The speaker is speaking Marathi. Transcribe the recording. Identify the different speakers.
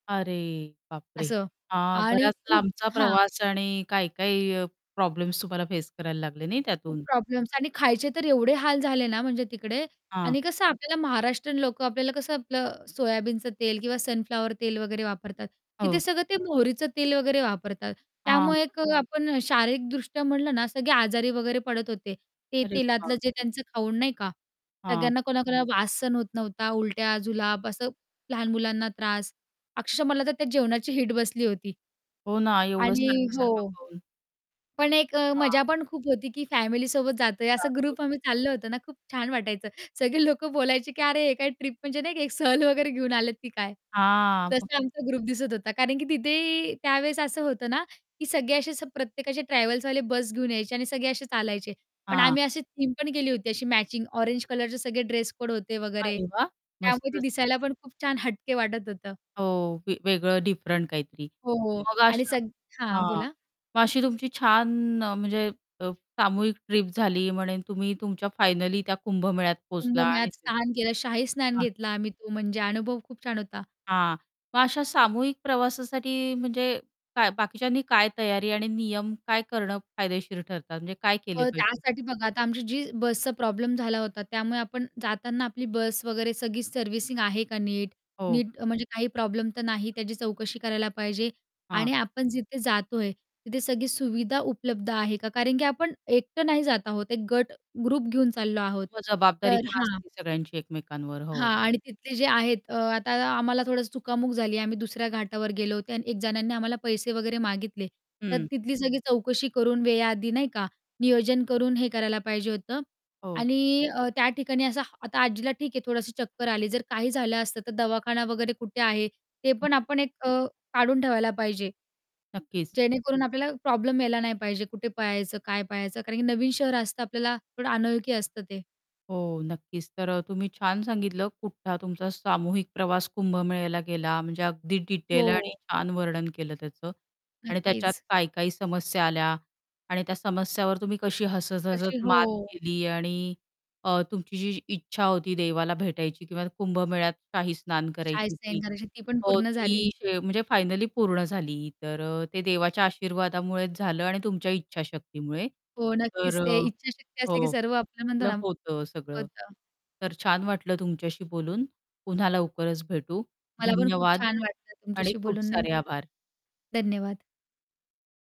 Speaker 1: अरे बापरे!
Speaker 2: असं
Speaker 1: हां,
Speaker 2: आणि
Speaker 1: बराच
Speaker 2: खूप
Speaker 1: लांबचा
Speaker 2: हां.
Speaker 1: प्रवास आणि काही-काही अ, प्रॉब्लेम्स तुम्हाला फेस करायला लागले नाही
Speaker 2: खूप
Speaker 1: त्यातून.
Speaker 2: प्रॉब्लेम्स आणि खायचे तर एवढे हाल झाले ना, म्हणजे तिकडे. आणि
Speaker 1: हां.
Speaker 2: कसं आपल्याला महाराष्ट्रीयन लोकं आपल्याला कसं आपलं सोयाबीनचं तेल किंवा सनफ्लॉवर तेल वगैरे वापरतात. तिथे
Speaker 1: हो.
Speaker 2: सगळं ते मोहरीचं तेल वगैरे वापरतात.
Speaker 1: हां.
Speaker 2: त्यामुळे एक अ, आपण शारीरिकदृष्ट्या म्हणलं ना सगळे आजारी वगैरे पडत होते, ते
Speaker 1: अरे
Speaker 2: तेलातलं जे
Speaker 1: बापरे!
Speaker 2: त्यांचं खाऊन नाही का,
Speaker 1: हां.
Speaker 2: सगळ्यांना कोणाकोणाला वास सहन होत नव्हता, उलट्या, जुलाब असं लहान मुलांना त्रास. अक्षरश: मला तर त्या जेवणाची वीट बसली होती.
Speaker 1: हो ना एवढं
Speaker 2: आणि
Speaker 1: सारखं-सारखं
Speaker 2: हो
Speaker 1: पाहून
Speaker 2: पण एक अ,
Speaker 1: हां.
Speaker 2: मजा पण खूप होती की फॅमिली सोबत जातोय, असं
Speaker 1: [unintelligible]
Speaker 2: ग्रुप आम्ही चाललं होतं ना खूप छान वाटायचं. सगळे लोक बोलायचे की "अरे हे काय ट्रिप म्हणजे नाही, एक सहल वगैरे घेऊन आलेत की काय?"
Speaker 1: हां, हं.
Speaker 2: तसा आमचा ग्रुप दिसत होता. कारण की तिथे त्यावेळेस असं होतं ना की सगळे असे असं प्रत्येकाचे ट्रॅव्हल्सवाले बस घेऊन यायचे आणि सगळे असे चालायचे, पण
Speaker 1: हां.
Speaker 2: आम्ही अशी थीम पण केली होती अशी मॅचिंग ऑरेंज कलरचे सगळे ड्रेस-कोड होते वगैरे.
Speaker 1: अरे वाह!
Speaker 2: त्यामुळे ते
Speaker 1: मस्तच.
Speaker 2: दिसायला पण खूप छान, हटके वाटत होतं.
Speaker 1: हो वे वेगळं, डिफरंट काहीतरी.
Speaker 2: हो, हो,
Speaker 1: मग
Speaker 2: आणि
Speaker 1: अशा
Speaker 2: सग हां,
Speaker 1: हां.
Speaker 2: बोला.
Speaker 1: मग अशी तुमची छान अ, म्हणजे अ, सामूहिक ट्रिप झाली म्हणे तुम्ही तुमच्या फायनली त्या कुंभमेळ्यात पोहोचला आणि
Speaker 2: कुंभमेळ्यात स्नान केलं. शाही स्नान
Speaker 1: हां.
Speaker 2: घेतला आम्ही तो म्हणजे अनुभव खूप छान होता.
Speaker 1: हां. मग अशा सामूहिक प्रवासासाठी, म्हणजे काय बाकीच्यांनी काय तयारी आणि नियम काय करणं फायदेशीर ठरतात? म्हणजे काय केले
Speaker 2: अ,
Speaker 1: पाहिजे?
Speaker 2: त्यासाठी बघा आता आमची जी बसचा प्रॉब्लेम झाला होता, त्यामुळे आपण जाताना आपली बस वगैरे सगळी सर्व्हिसिंग आहे का नीट,
Speaker 1: हो.
Speaker 2: नीट अ, म्हणजे काही प्रॉब्लेम तर नाही, त्याची चौकशी करायला पाहिजे.
Speaker 1: हां.
Speaker 2: आणि आपण जिथे जातोय तिथे सगळी सुविधा उपलब्ध आहे का? कारण की आपण एकटं नाही जात आहोत, एक गट, ग्रुप घेऊन चाललो आहोत.
Speaker 1: [unintelligible] जबाबदारी
Speaker 2: तर
Speaker 1: पण
Speaker 2: हां
Speaker 1: असते सगळ्यांची एकमेकांवर,
Speaker 2: हां
Speaker 1: हो.
Speaker 2: आणि तिथले जे आहेत, अ, आता आम्हाला थोडंसं चुकामुक झाली. आम्ही दुसऱ्या घाटावर गेलो होतो आणि एक जणांनी आम्हाला पैसे वगैरे मागितले, तर
Speaker 1: हं.
Speaker 2: तिथली सगळी चौकशी करून वेळेआधी नाही का, नियोजन करून हे करायला पाहिजे होतं
Speaker 1: हो.
Speaker 2: आणि अ, त्या ठिकाणी असं, आता आजीला ठीक आहे थोडंसं चक्कर आली. जर काही झालं असतं तर दवाखाना वगैरे कुठे आहे, ते पण
Speaker 1: [unintelligible]
Speaker 2: आपण एक अ, काढून ठेवायला पाहिजे.
Speaker 1: नक्कीच.
Speaker 2: जेणेकरून आपल्याला प्रॉब्लेम यायला नाही पाहिजे कुठे पळायचं, काय पळायचं कारण की नवीन शहर असतं, आपल्याला थोडं अनोळखी असतं ते.
Speaker 1: हो नक्कीच. तर अ, तुम्ही छान सांगितलं कुठ हा तुमचा सामूहिक प्रवास कुंभमेळ्याला गेला, म्हणजे अगदी डिटेल आणि
Speaker 2: हो.
Speaker 1: छान वर्णन केलं त्याचं. आणि त्याच्यात
Speaker 2: नक्कीच.
Speaker 1: काय-काय समस्या आल्या आणि त्या समस्यावर तुम्ही कशी हसत-हसत
Speaker 2: तशी,
Speaker 1: मात
Speaker 2: हो.
Speaker 1: केली आणि अ, तुमची जी इच्छा होती देवाला भेटायची किंवा कुंभमेळ्यात काही स्नान
Speaker 2: शाही
Speaker 1: करायची
Speaker 2: स्नान
Speaker 1: ती,
Speaker 2: करायची, ती पण
Speaker 1: हो
Speaker 2: पूर्ण झाली.
Speaker 1: ती शे म्हणजे फायनली पूर्ण झाली. तर, ते देवाच्या आशीर्वादामुळेच झालं आणि तुमच्या इच्छाशक्तीमुळे.
Speaker 2: हो
Speaker 1: तर,
Speaker 2: नक्कीच. ते इच्छाशक्ती
Speaker 1: अ
Speaker 2: असली की सर्व आपलं म्हणतो ना
Speaker 1: [unintelligible] होतं सगळं.
Speaker 2: होतं.
Speaker 1: तर, छान वाटलं तुमच्याशी बोलून. पुन्हा लवकरच भेटू.
Speaker 2: मला पण खूप
Speaker 1: धन्यवाद
Speaker 2: छान वाटलं
Speaker 1: आणि
Speaker 2: तुमच्याशी
Speaker 1: खूप
Speaker 2: बोलून, नाही.
Speaker 1: सारे आभार.
Speaker 2: धन्यवाद.